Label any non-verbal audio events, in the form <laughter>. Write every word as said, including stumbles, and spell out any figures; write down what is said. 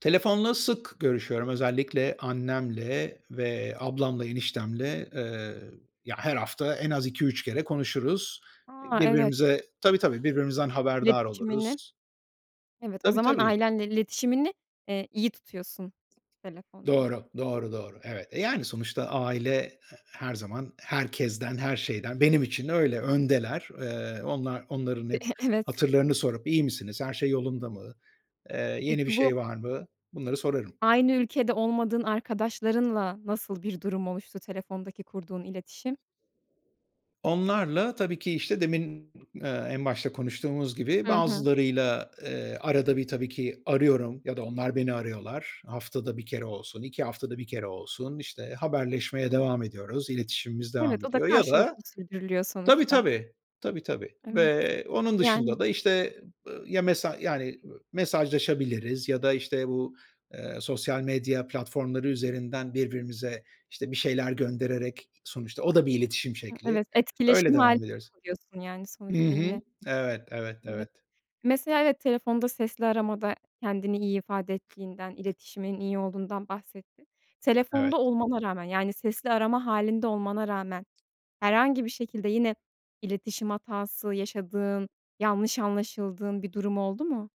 Telefonla sık görüşüyorum, özellikle annemle ve ablamla, eniştemle. Iıı, ya, her hafta en az iki üç kere konuşuruz. A, evet. Birbirimize tabii ,tabii, birbirimizden haberdar İletişimini oluruz. Evet, o Tabii zaman tabii. ailenle iletişimini, eee, iyi tutuyorsun telefonda. Doğru, doğru, doğru. Evet, e, yani sonuçta aile, ııı, her zaman, herkesten, her şeyden, benim için öyle, öndeler. Iıı, onlar onların hep <chuckles> Evet. hatırlarını sorup iyi misiniz? Her şey yolunda mı? Iıı, yeni bir Peki, bu şey var mı? Bunları sorarım. aynı ülkede olmadığın arkadaşlarınla, nasıl bir durum oluştu, telefondaki kurduğun iletişim? Onlarla tabii ki işte demin, ııı, en başta konuştuğumuz gibi, Hı hı. bazılarıyla, ııı, arada bir tabii ki arıyorum ya da onlar beni arıyorlar. Haftada bir kere olsun, iki haftada bir kere olsun, işte haberleşmeye devam ediyoruz, iletişimimiz Evet, devam o da ediyor ya da karşılıklı sürdürülüyor Tabii, sonuçta. tabii. Tabii, tabii Evet, ve onun dışında yani. da işte, ııı, ya mesaj yani, ııı, mesajlaşabiliriz ya da işte bu, ııı, sosyal medya platformları üzerinden birbirimize işte bir şeyler gönderereki sonuçta o da bir iletişim Hı, şekli. evet, Öyle etkileşim hâlinde devam ediyoruz. kalıyorsun, yani, Hı sonuçta hı. yine. Evet, evet, evet. Evet, mesela, evet telefonda sesli aramada kendini iyi ifade ettiğinden, iletişiminin iyi olduğundan bahsettin. Evet. Telefonda olmana rağmen, yani sesli arama hâlinde olmana rağmen, herhangi bir şekilde yine iletişim hatası yaşadığın, yanlış anlaşıldığın bir durum oldu mu?